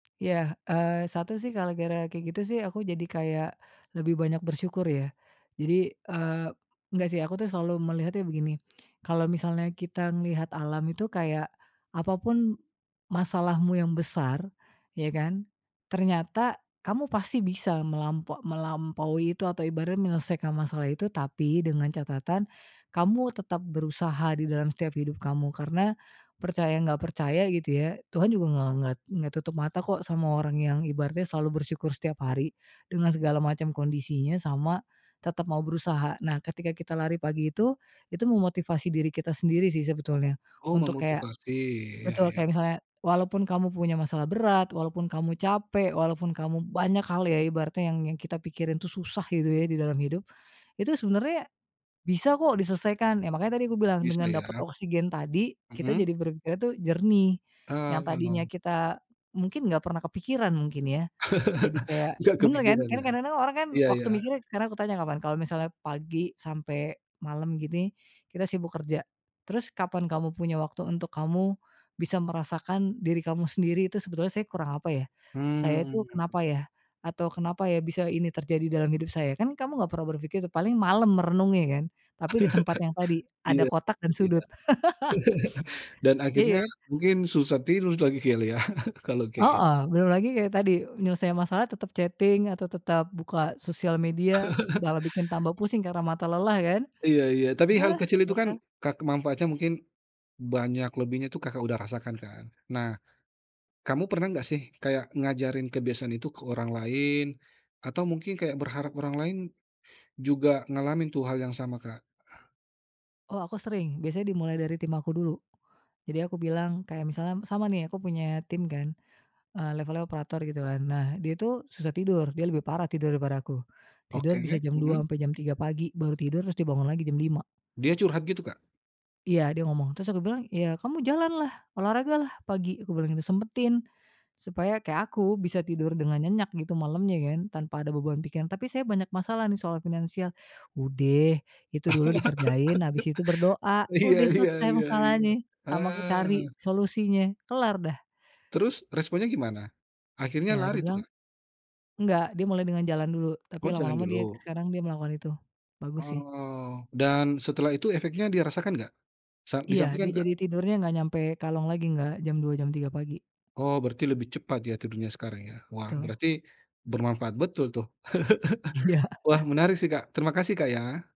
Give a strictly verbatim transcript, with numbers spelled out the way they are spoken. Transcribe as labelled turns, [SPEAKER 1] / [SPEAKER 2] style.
[SPEAKER 1] Iya, eee, satu sih gara-gara kayak gitu sih aku jadi kayak lebih banyak bersyukur ya, jadi eee, enggak sih aku selalu melihatnya begini, kalau misalnya kita ngelihat alam itu kayak, apa pun masalahmu yang besar, iya kan? Ternyata kamu pasti bisa melampo melampaui itu atau ibaratnya menyelesaikan masalah itu. Tapi dengan catatan, kamu tetap berusaha di dalam setiap hidup kamu. Karena percaya nggak percaya gitu ya Tuhan juga nge nget nggak tutup mata kok sama orang yang ibaratnya selalu bersyukur setiap hari dengan segala macam kondisinya, sama tetap mau berusaha. Nah ketika kita lari pagi itu, itu memotivasi diri kita sendiri sih sebetulnya
[SPEAKER 2] Oh,
[SPEAKER 1] untuk kayak
[SPEAKER 2] memotivasi, iya
[SPEAKER 1] betul
[SPEAKER 2] iya.
[SPEAKER 1] kayak misalnya, walaupun kamu punya masalah berat, walaupun kamu capek, walaupun kamu banyak hal ya ibaratnya yang kita pikirin itu susah gitu ya di dalam hidup, itu sebenarnya bisa kok diselesaikan, ya makanya tadi aku bilang
[SPEAKER 2] Bisa
[SPEAKER 1] dengan dapat
[SPEAKER 2] ya.
[SPEAKER 1] oksigen tadi, kita
[SPEAKER 2] Mmm.
[SPEAKER 1] jadi berpikirnya tuh jernih, yang
[SPEAKER 2] Heeh,
[SPEAKER 1] tadinya
[SPEAKER 2] oh.
[SPEAKER 1] kita mungkin gak pernah kepikiran mungkin ya, jadi kayak
[SPEAKER 2] Nggak
[SPEAKER 1] bener kan?
[SPEAKER 2] kepikiran
[SPEAKER 1] Kan
[SPEAKER 2] ya?
[SPEAKER 1] kadang-kadang orang kan
[SPEAKER 2] Iya
[SPEAKER 1] waktu
[SPEAKER 2] iya.
[SPEAKER 1] mikirnya sekarang aku tanya kapan, kalau misalnya pagi sampai malam gini kita sibuk kerja, terus kapan kamu punya waktu untuk kamu bisa merasakan diri kamu sendiri itu, "Sebetulnya saya kurang apa ya? Saya itu
[SPEAKER 2] Mmm.
[SPEAKER 1] kenapa ya?" Atau "Kenapa ya bisa ini terjadi dalam hidup saya?" Kan kamu nggak pernah berpikir itu, paling malam merenungnya kan, tapi di tempat yang tadi ada
[SPEAKER 2] Iya
[SPEAKER 1] kotak dan
[SPEAKER 2] sedih ya.
[SPEAKER 1] sudut.
[SPEAKER 2] Dan akhirnya
[SPEAKER 1] Iya.
[SPEAKER 2] mungkin susah tidur jadi kali ya kalau kayaknya
[SPEAKER 1] Heeh, belum lagi kayak tadi menyelesaikan masalah tetap chatting atau tetap buka sosial media malah bikin tambah pusing karena mata lelah kan?
[SPEAKER 2] Iya iya. Tapi hal
[SPEAKER 1] Udahlah,
[SPEAKER 2] kecil itu
[SPEAKER 1] nggak
[SPEAKER 2] kan
[SPEAKER 1] usah
[SPEAKER 2] ka ke manfaatnya mungkin banyak lebihnya itu Kakak udah rasakan kan. Nah kamu pernah nggak sih kayak ngajarin kebiasaan itu ke orang lain atau mungkin kayak berharap orang lain juga ngalamin tuh hal yang sama, Kak?
[SPEAKER 1] Oh, aku sering, biasanya dimulai dari tim aku dulu. Jadi aku bilang kayak misalnya sama nih aku punya tim kan, eee, levelnya operator gitu kan. Nah dia tuh susah tidur, dia lebih parah tidur daripada aku, tidur bisa
[SPEAKER 2] Oke,
[SPEAKER 1] jam dua
[SPEAKER 2] hmm.
[SPEAKER 1] sampai jam tiga pagi baru tidur, terus dibangun lagi jam lima.
[SPEAKER 2] Dia curhat gitu, Kak?
[SPEAKER 1] Iya dia ngomong, terus aku bilang, "Ya kamu jalanlah, olahragalah pagi," kubilang gitu, "Sempetin supaya kayak aku bisa tidur dengan nyenyak gitu malamnya kan tanpa ada beban pikiran." "Tapi saya banyak masalah nih soal finansial," "Udeh itu dulu dikerjain habis itu berdoa,
[SPEAKER 2] Iya
[SPEAKER 1] udeh
[SPEAKER 2] iya
[SPEAKER 1] selesai
[SPEAKER 2] iya iya.
[SPEAKER 1] masalahnye sama ke cari
[SPEAKER 2] Heeh.
[SPEAKER 1] solusinya, kelar dah."
[SPEAKER 2] Terus responnya gimana? Akhirnya
[SPEAKER 1] Ya
[SPEAKER 2] lari tuh,
[SPEAKER 1] dibilang
[SPEAKER 2] Kak?
[SPEAKER 1] nggak dia mulai dengan jalan dulu, tapi
[SPEAKER 2] Oh, jalan
[SPEAKER 1] lama-lama dia
[SPEAKER 2] dulu.
[SPEAKER 1] sekarang dia melakukan itu, bagus sih.
[SPEAKER 2] Oh, dan setelah itu efeknya dia rasakan gak? Sa
[SPEAKER 1] Iya,
[SPEAKER 2] disampaikan
[SPEAKER 1] dia
[SPEAKER 2] nggak?
[SPEAKER 1] jadi tidurnya nggak nyampe kalong lagi nggak, jam dua, jam tiga pagi.
[SPEAKER 2] Oh, berarti lebih cepat ya tidurnya sekarang ya. Wah
[SPEAKER 1] Betul.
[SPEAKER 2] berarti bermanfaat betul tuh.
[SPEAKER 1] Iya.
[SPEAKER 2] Wah menarik sih, Kak. Terima kasih, Kak, ya.